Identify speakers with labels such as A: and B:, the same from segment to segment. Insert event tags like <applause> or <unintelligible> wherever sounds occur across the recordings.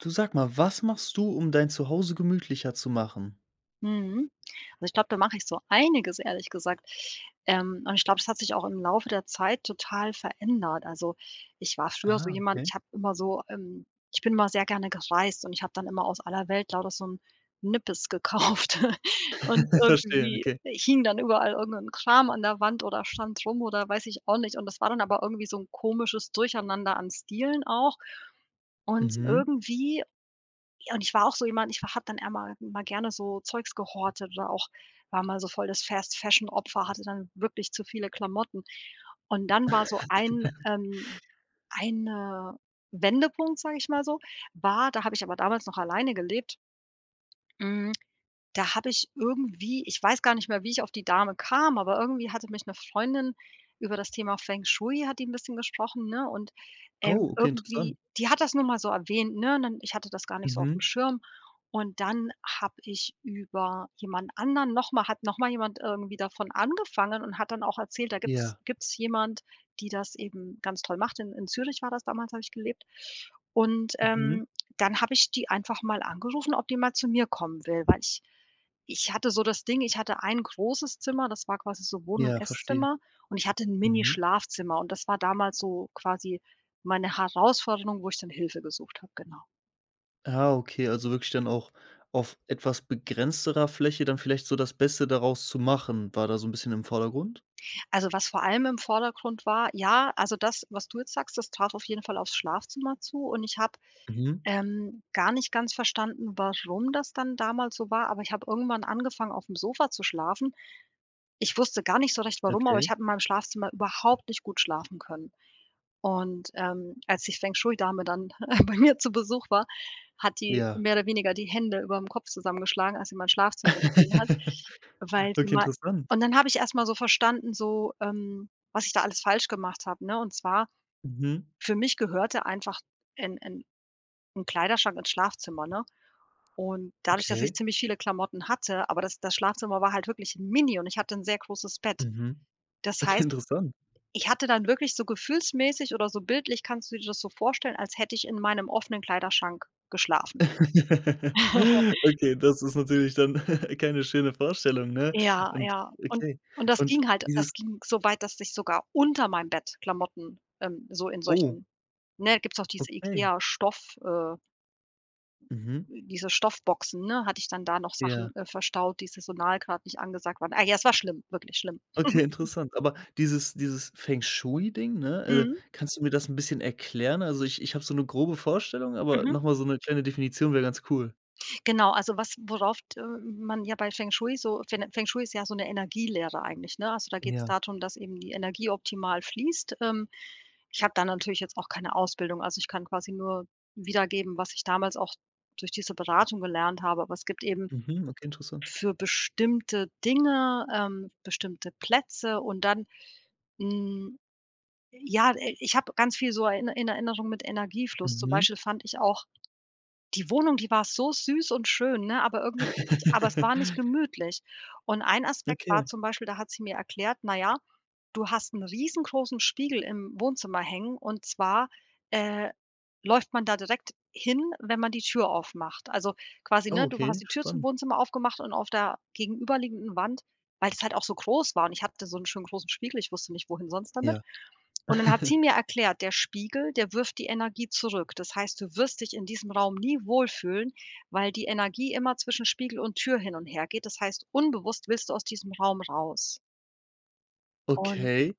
A: Du, sag mal, was machst du um dein Zuhause gemütlicher zu machen?
B: Mhm. Ich glaube, da mache ich so einiges, ehrlich gesagt. Ähm, und ich glaube es hat sich auch im Laufe der Zeit total verändert. Also, ich war früher so
A: Ah,
B: jemand
A: okay.
B: ich habe immer so, ähm ich bin mal sehr gerne gereist und ich habe dann immer aus aller Welt lauter so 'n Nippes gekauft. <chuckles> Und
A: <chuckles> Verstehe,
B: irgendwie,
A: okay.
B: äh, hing dann überall irgend 'n Kram an der Wand oder stand rum oder weiß ich auch nicht und das war dann aber irgendwie so 'n komisches Durcheinander an Stielen auch, und
A: Mhm.
B: irgendwie ja, und ich war auch so jemand, ich hatte dann immer mal gerne so Zeugs gehortet oder auch war mal so das Fast-Fashion-Opfer, hatte dann wirklich zu viele Klamotten. Und dann war so ein, ähm,
A: <chuckles>
B: ein, äh, Wendepunkt, sage ich mal so. War da habe ich aber damals noch alleine gelebt hm, da habe ich irgendwie ich weiß gar nicht mehr wie ich auf die Dame kam. Aber irgendwie hatte mich 'ne Freundin über das Thema Feng Shui hat die 'n bisschen gesprochen, ne? Und, ähm,
A: Au, okay, interessant.
B: irgendwie die hat das nur mal so erwähnt, ne? Und Ich hatte das gar nicht so aufm
A: Mhm.
B: Schirm. Und dann habe ich über jemand anderen nochmal hat nochmal jemand irgendwie davon angefangen und hat dann auch erzählt, da gibt's
A: Ja.
B: gibt's jemand, die das eben ganz toll macht. In in Zürich war das damals habe ich gelebt. Und,
A: Mhm.
B: ähm, dann habe ich die einfach mal angerufen, ob die mal zu mir kommen will. Weil ich ich hatte so das Ding, ich hatte ein großes Zimmer, das war quasi so Wohn und
A: Ja, verstehe.
B: Esszimmer und ich hatte 'n Mini
A: Mhm.
B: Schlafzimmer, und das war damals so quasi meine Herausforderung wo ich dann Hilfe gesucht habe, genau.
A: Ah, okay, also, wirklich dann auch auf etwas begrenzterer Fläche dann vielleicht so das Beste daraus zu machen. War da so 'n bisschen im Vordergrund?
B: Also, was vor allem im Vordergrund war ja, also, das, was du jetzt sagst, das trat auf jeden Fall aufs Schlafzimmer zu und ich habe,
A: Mhm.
B: ähm, gar nicht ganz verstanden, warum das dann damals so war, aber ich habe irgendwann angefangen aufm Sofa zu schlafen. Ich wusste gar nicht so recht warum, aber ich
A: Okay.
B: habe in meinem Schlafzimmer überhaupt nicht gut schlafen können. Und, ähm, als die Feng-Shui-Dame dann, <chuckles> äh, bei mir zu Besuch war, hat die
A: Ja.
B: mehr oder weniger die Hände überm Kopf zusammengeschlagen, als sie mein Schlafzimmer gesehen hat,
A: <laughs>
B: weil sie
A: Okay,
B: mei
A: interessant.
B: und dann habe ich erst mal so verstanden, so, ähm, was ich da alles falsch gemacht habe, ne? Und zwar
A: Mhm.
B: für mich gehörte einfach 'n 'n 'n Kleiderschrank ins Schlafzimmer, ne? Und dadurch, dass ich
A: Okay.
B: ziemlich viele Klamotten hatte aber das das Schlafzimmer war halt wirklich mini und ich hatte 'n sehr großes Bett.
A: Mhm.
B: Das
A: Okay,
B: heißt,
A: interessant.
B: ich hatte dann wirklich so gefühlsmäßig oder so bildlich kannst du dir das so vorstellen, als hätte ich in meinem offenen Kleiderschrank geschlafen.
A: <laughs>
B: <chuckles>
A: Okay, das ist natürlich dann <chuckles> keine schöne Vorstellung, ne?
B: Ja,
A: Und,
B: ja und
A: okay.
B: und das
A: Und
B: ging halt
A: dieses
B: das ging so weit, dass sich sogar unter meinem Bett Klamotten, ähm, so in
A: Oh.
B: solchen ne, gibt's auch diese
A: Okay.
B: IKEA Stoff, äh
A: Mhm.
B: diese Stoffboxen, ne, hatte ich dann da noch Sachen,
A: Ja.
B: äh, verstaut, die Saisonal gerade nicht angesagt waren. Ah, ja, es war schlimm, wirklich schlimm.
A: Okay,
B: <chuckles>
A: interessant. Aber dieses dieses Feng-Shui-Ding, ne? Äh,
B: Mhm.
A: kannst du mir das 'n bisschen erklären? Also, ich ich habe so 'ne grobe Vorstellung, aber
B: Mhm.
A: noch mal so 'ne kleine Definition wär ganz cool.
B: Genau, also, was worauf t äh, man ja bei Feng-Shui so Fen Feng-Shui ist ja so 'ne Energielehre eigentlich, ne? Also, da geht's
A: Ja.
B: darum, dass eben die Energie optimal fließt. Ähm, ich habe da natürlich jetzt auch keine Ausbildung. Also, ich kann quasi nur wiedergeben, was ich damals auch durch diese Beratung gelernt habe, aber es gibt eben
A: Mhm, okay, interesssant.
B: für bestimmte Dinge, ähm, bestimmte Plätze und dann, hm ja, äh, ich habe ganz viel so in Er in Erinnerung mit Energiefluss. Zum
A: Mhm.
B: Beispiel fand ich auch, die Wohnung, die war so süß und schön, ne, aber irgendwie ich ich aber es
A: <chuckles>
B: war nicht gemütlich. Und ein Aspekt war
A: Okay.
B: zum Beispiel, da hat sie mir erklärt: „Na ja, du hast 'n riesengroßen Spiegel im Wohnzimmer hängen und zwar, äh, läuft man da direkt hin, wenn man die Tür aufmacht.“ Also, quasi,
A: Oh,
B: ne, du
A: okay,
B: hast die Tür zum
A: spannend.
B: Wohnzimmer aufgemacht und auf der gegenüberliegenden Wand weil es halt auch so groß war und ich hatte so 'n schönen großen Spiegel, ich wusste nicht, wohin sonst damit.
A: Ja.
B: Und dann hat sie
A: <chuckles>
B: mir erklärt, der Spiegel, der wirft die Energie zurück. Das heißt, du wirst dich in diesem Raum nie wohlfühlen, weil die Energie immer zwischen Spiegel und Tür hin und hergeht. Das heißt, unbewusst willst du aus diesem Raum raus. Und
A: Okay,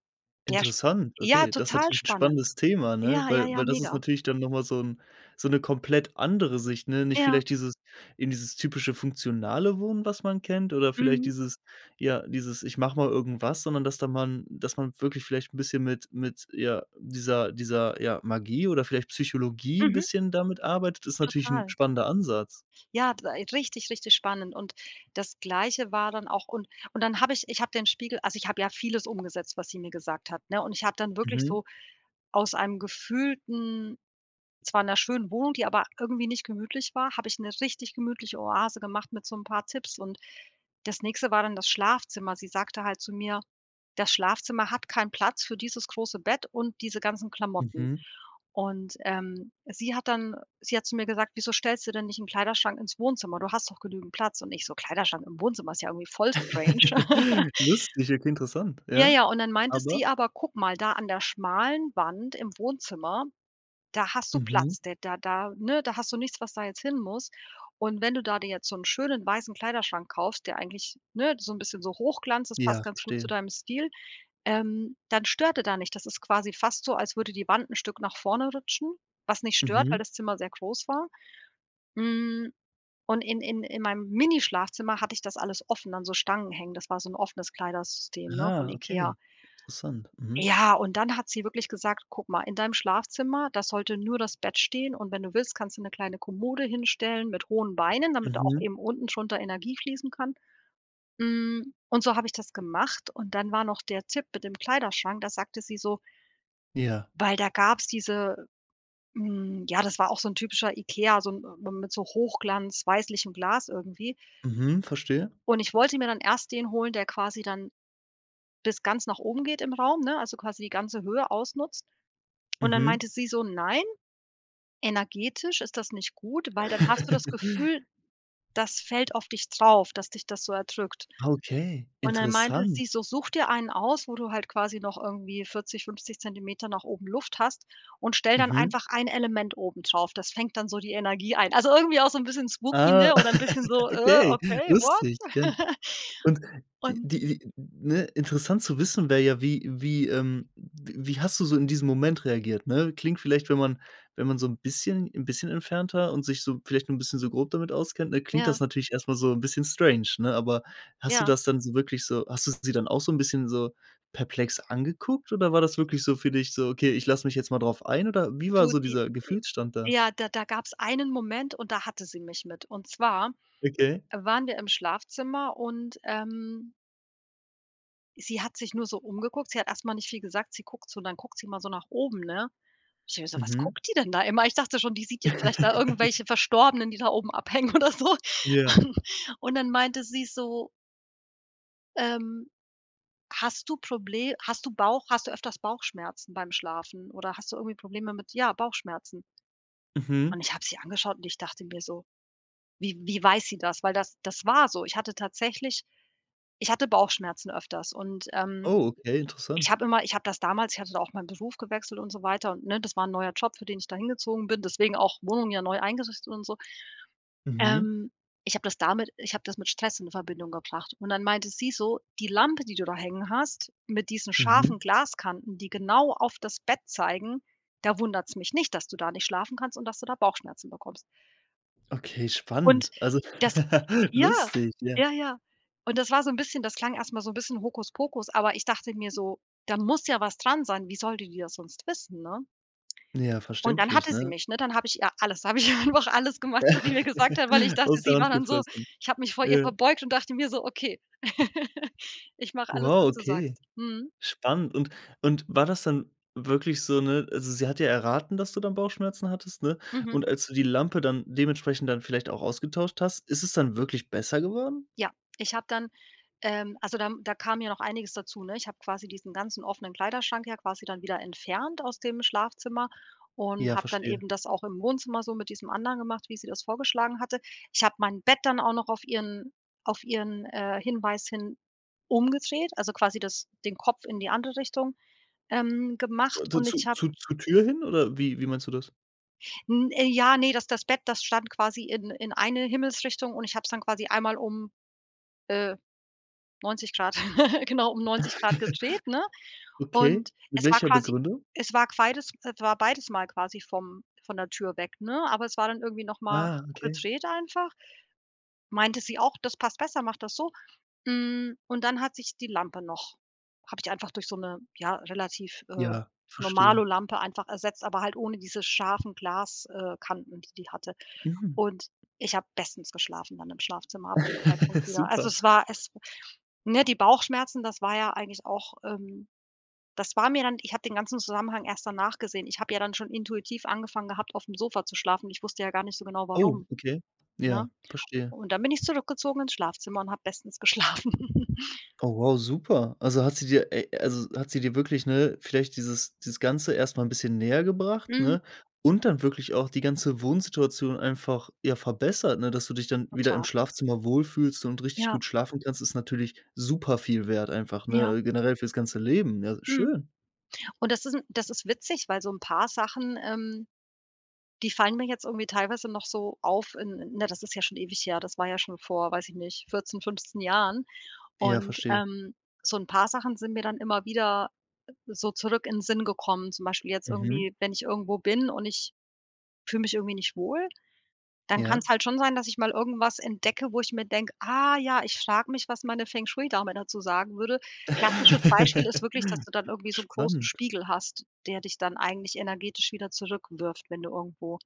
B: der sch
A: interessant.
B: ja,
A: Okay, das ist
B: total
A: natürlich 'n
B: spannend.
A: spannendes Thema, ne,
B: Ja, ja,
A: weil
B: ja,
A: weil das ist
B: mega.
A: natürlich dann noch mal so 'n so 'ne komplett andere Sicht, ne? Nicht
B: Ja.
A: vielleicht dieses in dieses typische funktionale Wohnen, was man kennt, oder vielleicht
B: Mhm.
A: dieses ja, dieses: „Ich mache mal irgendwas“, sondern dass da man dass man wirklich vielleicht 'n bisschen mit mit, ja, dieser dieser, ja, Magie oder vielleicht Psychologie 'n
B: Mhm.
A: bisschen damit arbeitet ist natürlich 'n
B: Total.
A: spannender Ansatz.
B: Ja, bei richtig, richtig spannend und das Gleiche war dann auch und und dann habe ich ich habe den Spiegel also, ich habe ja vieles umgesetzt, was sie mir gesagt hat, ne? Und ich habe dann wirklich
A: Mhm.
B: so aus einem gefühlten zwar in 'ner schönen Wohnung, die aber irgendwie nicht gemütlich war, habe ich 'ne richtig gemütliche Oase gemacht mit so 'n paar Tipps und das nächste war dann das Schlafzimmer. Sie sagte halt zu mir: „Das Schlafzimmer hat keinen Platz für dieses große Bett und diese ganzen Klamotten“.
A: Mhm.
B: Und, ähm, sie hat dann sie hat zu mir gesagt: „Wieso stellst du denn nicht 'n Kleiderschrank ins Wohnzimmer? Du hast doch genügend Platz.“ Und ich so: „Kleiderschrank im Wohnzimmer ist ja irgendwie voll strange.“ <laughs>
A: <chuckles> Lustig, okay, interessant,
B: Ja,
A: ja?
B: ja, und dann meinte
A: Aber?
B: sie: „Aber guck mal, da an der schmalen Wand im Wohnzimmer, da hast du
A: Mhm.
B: Platz, da da da ne, da hast du nichts, was da jetzt hin muss. Und wenn du da dir jetzt so 'n schönen weißen Kleiderschrank kaufst, der eigentlich, ne, so 'n bisschen so Hochglanz, das passt
A: Ja,
B: ganz gut zu
A: verstehe.
B: deinem Stil, ähm, dann stört er da nicht.“ Das ist quasi fast so, als würde die Wand 'n Stück nach vorne rutschen, was nicht stört, weil
A: Mhm.
B: das Zimmer sehr groß war. Hm. Und in in in meinem Mini-Schlafzimmer hatte ich das alles offen an so Stangen hängen, das war so 'n offenes Kleidersystem, ne, von
A: Ah,
B: IKEA.
A: okay. Interessant. Mhm.
B: Ja, und dann hat sie wirklich gesagt: „Guck mal, in deinem Schlafzimmer, da sollte nur das Bett stehen, und wenn du willst, kannst du 'ne kleine Kommode hinstellen mit hohen Beinen, damit da auch
A: Mhm.
B: eben unten drunter Energie fließen kann.“ Hm, und so habe ich das gemacht und dann war noch der Tipp mit dem Kleiderschrank. Da sagte sie so
A: Ja.
B: weil da gab's diese hm, ja, das war auch so 'n typischer IKEA, so 'n m mit so Hochglanz-weißlichem Glas irgendwie.
A: Mhm, verstehe.
B: Und ich wollte mir dann erst den holen, der quasi dann bis ganz nach oben geht im Raum, ne, also, quasi ganze Höhe ausnutzt, und dann
A: Mhm.
B: meinte sie so: „Nein, energetisch ist das nicht gut, weil dann hast du das Gefühl,
A: <chuckles>
B: das fällt auf dich drauf, dass dich das so erdrückt.“
A: Okay,
B: Und dann meinte
A: interessant.
B: sie so: „Such dir einen aus, wo du halt quasi noch irgendwie 40, 50 Zentimeter nach oben Luft hast, und stell dann
A: Mhm.
B: einfach ein Element oben drauf. Das fängt dann so die Energie ein.“ Also, irgendwie auch so 'n bisschen spooky,
A: Ah,
B: ne? Oder ein bisschen so:
A: <laughs>
B: „Äh,
A: okay,
B: okay, what?“
A: lustig, ja.
B: <chuckles>
A: Und die
B: Und
A: die ne interessant zu wissen wäre ja wie wie, ähm w wie hast du so in diesem Moment reagiert, ne? Klingt vielleicht, wenn man wenn man so 'n bisschen 'n bisschen entfernter und sich so vielleicht 'n bisschen so grob damit auskennt, ne? Klingt
B: Ja.
A: das natürlich erst mal so 'n bisschen strange, ne? Aber hast du
B: Ja.
A: das dann so wirklich so hast du sie dann auch so 'n bisschen so perplex angeguckt oder war das wirklich so für dich so: „Okay, ich lass mich jetzt mal drauf ein“ oder wie war
B: Du
A: so
B: die
A: dieser
B: äh,
A: Gefühlsstand da?
B: ja, da da gab's einen Moment und da hatte sie mich mit und zwar
A: Okay.
B: waren wir im Schlafzimmer und, ähm sie hat sich nur so umgeguckt. Sie hat erst mal nicht viel gesagt, sie guckt so dann guckt sie mal so nach oben, ne? Ich denke mir so: „Was
A: Mhm.
B: guckt die denn da immer?“ Ich dachte schon, die sieht jetzt vielleicht da
A: <chuckles>
B: irgendwelche Verstorbenen, die da oben abhängen oder so,
A: Ja.
B: <chuckles> und dann meinte sie so ähm: „Hast du Proble hast du Bauch hast du öfters Bauchschmerzen beim Schlafen oder hast du irgendwie Probleme mit ja, Bauchschmerzen?“
A: Mhm.
B: Und ich habe sie angeschaut und ich dachte mir so: „Wie wie weiß sie das?“ Weil das das war so. Ich hatte tatsächlich ich hatte Bauchschmerzen öfters und, ähm,
A: Oh, okay,
B: ich
A: interessant.
B: habe immer ich habe das damals ich hatte da auch meinen Beruf gewechselt und so weiter und ne, das war ein neuer Job, für den ich dahin gezogen bin, deswegen auch Wohnung ja neu eingerichtet und so.
A: Mhm.
B: Ähm, ich habe das damit Ich habe das mit Stress in Verbindung gebracht und dann meinte sie so: „Die Lampe, die du da hängen hast, mit diesen
A: Mhm.
B: scharfen Glaskanten, die genau auf das Bett zeigen, da wundert's mich nicht, dass du da nicht schlafen kannst und dass du da Bauchschmerzen bekommst.“
A: Okay,
B: Und
A: spannend. Also
B: das
A: <laughs>
B: Ja
A: lustig, ja.
B: ja ja. Und das war so 'n bisschen das klang erst mal so 'n bisschen Hokuspokus, aber ich dachte mir so: „Da muss ja was dran sein. Wie soll die die das sonst wissen, ne?“
A: Ja,
B: Und dann
A: verständlich,
B: hatte sie
A: ne?
B: mich, ne? Dann habe ich ihr alles, dann habe ich ihr einfach alles gemacht, wo die mir gesagt hat weil ich
A: <laughs>
B: dachte,
A: Aus der
B: sie war
A: Hand
B: dann so
A: gefressen.
B: ich habe mich vor ihr
A: Ja.
B: verbeugt und dachte mir so: „Okay, <giggles> ich mache alles,
A: Wow,
B: was du
A: okay.
B: sagst.“ Mhm.
A: Spannend. Und und war das dann wirklich so ne, also sie hat ja erraten, dass du dann Bauchschmerzen hattest, ne?
B: Mhm.
A: Und als du die Lampe dann dementsprechend dann vielleicht auch ausgetauscht hast, ist es dann wirklich besser geworden?
B: Ja, ich habe dann ähm, also da, hm da kam ja noch einiges dazu, ne? Ich habe quasi diesen ganzen offenen Kleiderschrank ja quasi dann wieder entfernt aus dem Schlafzimmer und
A: Ja,
B: habe dann
A: verstehe.
B: eben das auch im Wohnzimmer so mit diesem anderen gemacht, wie sie das vorgeschlagen hatte. Ich habe mein Bett dann auch noch auf ihren auf ihren, äh, Hinweis hin umgedreht, also quasi das den Kopf in die andere Richtung, ähm, gemacht und ich
A: Zu
B: habe
A: zu zur Tür hin oder wie wie meinst du das?
B: N ja, ne, das das Bett, das stand quasi in in eine Himmelsrichtung und ich habe es dann quasi einmal um, äh, 90 ° <chuckles> genau, um 90 ° gedreht, ne?
A: <chuckles> Okay.
B: Und
A: Mit
B: es war
A: welcher
B: quasi
A: Begründung?
B: es war queides es war beides Mal quasi vom von der Tür weg, ne, aber es war dann irgendwie noch mal
A: Ah, okay.
B: gedreht einfach. Meinte sie auch, das passt besser, macht das so, hm, und dann hat sich die Lampe noch habe ich einfach durch so 'ne, ja, relativ, äh,
A: Ja, verstehe.
B: Normalo-Lampe einfach ersetzt, aber halt ohne diese scharfen Glas äh, Kanten, die die hatte
A: Mhm.
B: und ich habe bestens geschlafen dann im Schlafzimmer ab dem
A: <chuckles>
B: Zeitpunkt wieder. Also
A: Super.
B: es war es w ne, die Bauchschmerzen das war ja eigentlich auch, ähm das war mir dann ich habe den ganzen Zusammenhang erst danach gesehen. Ich habe ja dann schon intuitiv angefangen gehabt, aufm Sofa zu schlafen. Ich wusste ja gar nicht so genau,
A: Oh,
B: warum,
A: okay.
B: ne?
A: Ja, verstehe.
B: Und dann bin ich zurückgezogen ins Schlafzimmer und habe bestens geschlafen.
A: Oh wow, super. Also hat sie dir, äh also hat sie dir wirklich, ne, vielleicht dieses dieses Ganze erst mal 'n bisschen nähergebracht,
B: Mhm.
A: ne, und dann wirklich auch die ganze Wohnsituation einfach, ja, verbessert. Ne, dass du dich dann wieder im
B: Total.
A: Schlafzimmer wohlfühlst und richtig
B: Ja.
A: gut schlafen kannst ist natürlich super viel Wert einfach,
B: Ja.
A: ne, generell für's ganze Leben, ja
B: Mhm.
A: schön.
B: Und das ist 'n das ist witzig, weil so 'n paar Sachen, ähm, die fallen mir jetzt irgendwie teilweise noch so auf in ne, das ist ja schon ewig her, das war ja schon vor, weiß ich nicht, 14, 15 Jahren
A: Ja,
B: und,
A: verstehe.
B: ähm, so 'n paar Sachen sind mir dann immer wieder so zurück in Sinn gekommen, zum Beispiel jetzt
A: Mhm.
B: irgendwie, wenn ich irgendwo bin und ich fühle mich irgendwie nicht wohl, dann
A: Ja.
B: kann's halt schon sein, dass ich mal irgendwas entdecke, wo ich mir denke: „Ah ja, ich frage mich, was meine Feng-Shui-Dame dazu sagen würde.“ Klassisches Beispiel ist wirklich, dass
A: <laughs>
B: du dann irgendwie so 'n großen
A: Spannend.
B: Spiegel hast, der dich dann eigentlich energetisch wieder zurückwirft, wenn du irgendwo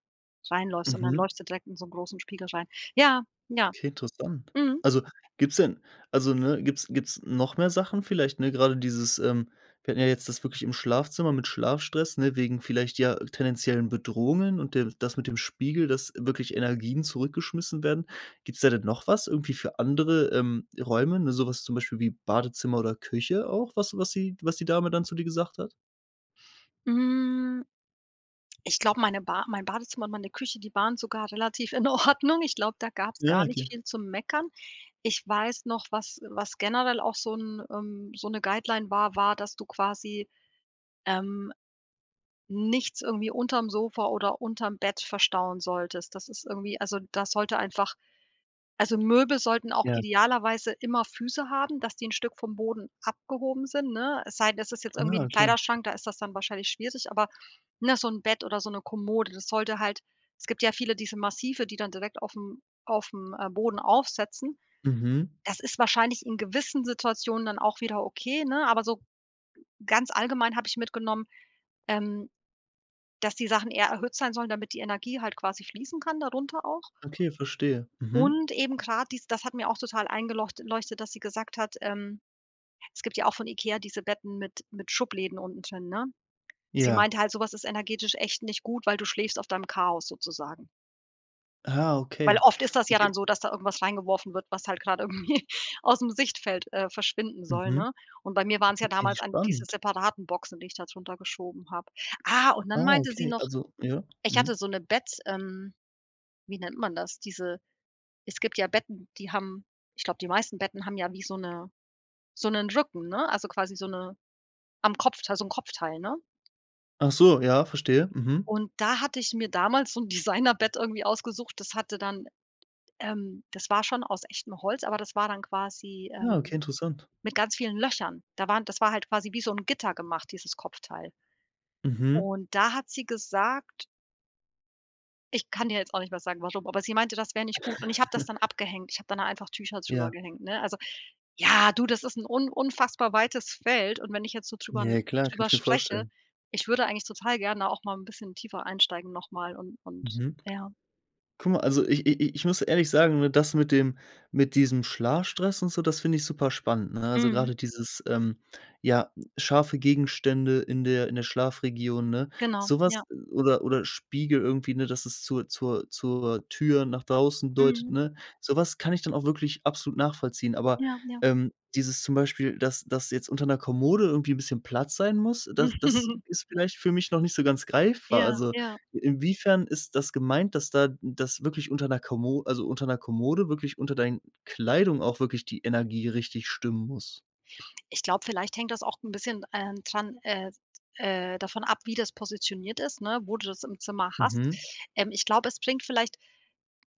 B: reinläufst und dann
A: Mhm.
B: läufst du direkt in so 'nen großen Spiegel rein. Ja. Ja.
A: Okay interessant.
B: Mhm.
A: Also gibt's denn also, ne, gibt's gibt's noch mehr Sachen vielleicht, ne, grade dieses, ähm wir hatten ja jetzt das wirklich im Schlafzimmer mit Schlafstress, ne, wegen vielleicht ja tendenziellen Bedrohungen und der das mit dem Spiegel, dass wirklich Energien zurück geschmissen werden. Gibt's da denn noch was irgendwie für andere, ähm, Räume, ne, sowas zum Beispiel wie Badezimmer oder Küche auch, was was sie was die Dame dann zu dir gesagt hat?
B: Hm, ich glaube, meine Ba mein Badezimmer und meine Küche, die waren sogar relativ in Ordnung. Ich glaube, da gab's
A: Ja,
B: gar nicht
A: okay.
B: viel zum Meckern. Ich weiß noch, was äh, was generell auch so 'n ähm, so 'ne Guideline war, war, dass du quasi, ähm, nichts irgendwie unterm Sofa oder unterm Bett verstauen solltest. Das ist irgendwie also, da sollte einfach also Möbel sollten auch
A: Ja.
B: idealerweise immer Füße haben, dass die 'n Stück vom Boden abgehoben sind, ne? Es sei denn, es ist jetzt irgendwie
A: Ah,
B: 'n
A: okay.
B: Kleiderschrank, da ist das dann wahrscheinlich schwierig, aber ne, so 'n Bett oder so 'ne Kommode, das sollte halt es gibt ja viele diese massive, die dann direkt aufm aufm, äh, Boden aufsetzen.
A: Mhm.
B: Das ist wahrscheinlich in gewissen Situationen dann auch wieder okay, ne? Aber so g ganz allgemein habe ich mitgenommen, ähm, dass die Sachen eher erhöht sein sollen, damit die Energie halt quasi fließen kann, darunter auch
A: Okay, verstehe. Mhm.
B: und eben grade dies das hat mir auch total eingelocht leuchtet, dass sie gesagt hat, ähm, es gibt ja auch von IKEA diese Betten mit mit Schubläden unten drin, ne? Sie
A: Ja.
B: meinte halt: „So was ist energetisch echt nicht gut, weil du schläfst auf deinem Chaos sozusagen.“
A: Ah,
B: Weil
A: okay,
B: oft ist das ja
A: okay.
B: dann so, dass da irgendwas reingeworfen wird, was halt grad irgendwie ausm Sichtfeld, äh, verschwinden soll,
A: Mhm.
B: ne? Und bei mir waren's ja
A: Ok,
B: damals an diese
A: spannend.
B: separaten Boxen, die ich da druntergeschoben habe. Ah, und dann
A: Ah,
B: meinte sie
A: okay,
B: noch,
A: also ja,
B: ich hatte
A: mhm.
B: so 'ne Bett ähm, wie nennt man das? Diese es gibt ja Betten, die haben ich glaube, die meisten Betten haben ja wie so 'ne so 'nen Rücken, ne, also quasi so 'ne am Kopfteil so 'n Kopfteil, ne?
A: Ach so, ja, verstehe. Mhm.
B: Und da hatte ich mir damals so 'n Designerbett irgendwie ausgesucht, das hatte dann, ähm das war schon aus echtem Holz, aber das war dann quasi,
A: Ah,
B: ähm,
A: okay, interessant.
B: mit ganz vielen Löchern. Da waren das war halt quasi wie so 'n Gitter gemacht, dieses Kopfteil.
A: Mhm.
B: Und da hat sie gesagt Ich kann dir jetzt auch nicht mehr sagen, warum, aber sie meinte, das wäre nicht gut und ich habe das dann
A: <chuckles>
B: abgehängt. Ich habe dann da einfach Tücher drüber
A: Ja.
B: gehängt, ne? Also, ja, du, das ist 'n un unfassbar weites Feld und wenn ich jetzt so drüber
A: Ja, klar, kann
B: drüber
A: ich mir
B: spreche
A: vorstellen.
B: ich würde eigentlich total gerne auch mal 'n bisschen tiefer einsteigen noch mal und und
A: Mhm.
B: ja.
A: Guck mal, also i i i ich muss ehrlich sagen, ne, das mit dem mit diesem Schlafstress und so, das finde ich super spannend, ne? Also,
B: Mhm.
A: grade dieses, ähm, ja, scharfe Gegenstände in der in der Schlafregion, ne.
B: Genau, ja.
A: Sowas oder oder Spiegel irgendwie, ne, dass es zur zur zur Tür nach draußen deutet,
B: Mhm.
A: ne? Sowas kann ich dann auch wirklich absolut nachvollziehen. Aber,
B: Ja, ja.
A: ähm, dieses zum Beispiel, dass dass jetzt unter 'ner Kommode irgendwie 'n bisschen Platz sein muss, das das ist
B: <chuckles>
A: vielleicht für mich noch nicht so ganz greifbar.
B: Ja,
A: Also,
B: ja.
A: inwiefern ist das gemeint, dass da dass wirklich unter 'ner Kommo also unter 'ner Kommode wirklich unter dein Kleidung auch wirklich die Energie richtig stimmen muss?
B: Ich glaube, vielleicht hängt das auch 'n bisschen, ähm, dran, äh äh davon ab, wie das positioniert ist, ne, wo du das im Zimmer hast.
A: Mhm.
B: Ähm, ich glaube, es bringt vielleicht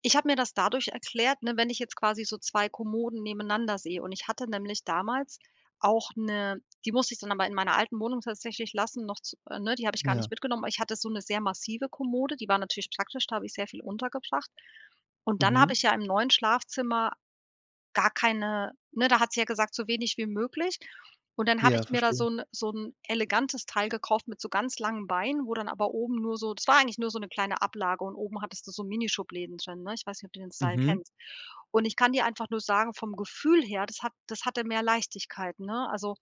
B: ich habe mir das dadurch erklärt, ne, wenn ich jetzt quasi so 2 Kommoden nebeneinander sehe und ich hatte nämlich damals auch 'ne die musste ich dann aber in meiner alten Wohnung tatsächlich lassen, noch z ne, die habe ich gar
A: Ja.
B: nicht mitgenommen, aber ich hatte so 'ne sehr massive Kommode, die war natürlich praktisch, da habe ich sehr viel untergebracht und dann habe ich
A: Mhm.
B: ja im neuen Schlafzimmer gar keine ne, da hat sie ja gesagt, so wenig wie möglich und dann habe
A: Ja,
B: ich mir da so
A: verstehe.
B: 'n so 'n elegantes Teil gekauft mit so ganz langen Beinen, wo dann aber oben nur so das war eigentlich nur so 'ne kleine Ablage und oben hattest du so Mini-Schubläden drin, ne? Ich weiß nicht, ob du den Style
A: Mhm.
B: kennst. Und ich kann dir einfach nur sagen vom Gefühl her, das hat das hatte mehr Leichtigkeit, ne? Also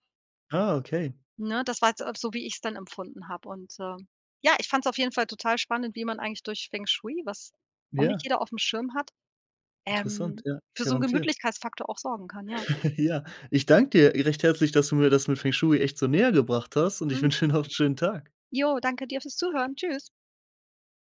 A: Ah, okay.
B: ne, das war jetzt auch so, wie ich's dann empfunden habe und äh, ja, ich fand's auf jeden Fall total spannend, wie man eigentlich durch Feng Shui, was auch nicht
A: Ja.
B: jeder aufm Schirm hat,
A: Interessant,
B: ähm,
A: ja,
B: für so 'n
A: garantiert.
B: Gemütlichkeitsfaktor auch sorgen kann, ja.
A: <chuckles> Ja. Ich danke dir recht herzlich, dass du mir das mit Feng Shui echt so näher gebracht hast und ich
B: <unintelligible>
A: wünsche dir noch 'nen schönen Tag.
B: Ja, danke dir fürs Zuhören. Tschüss.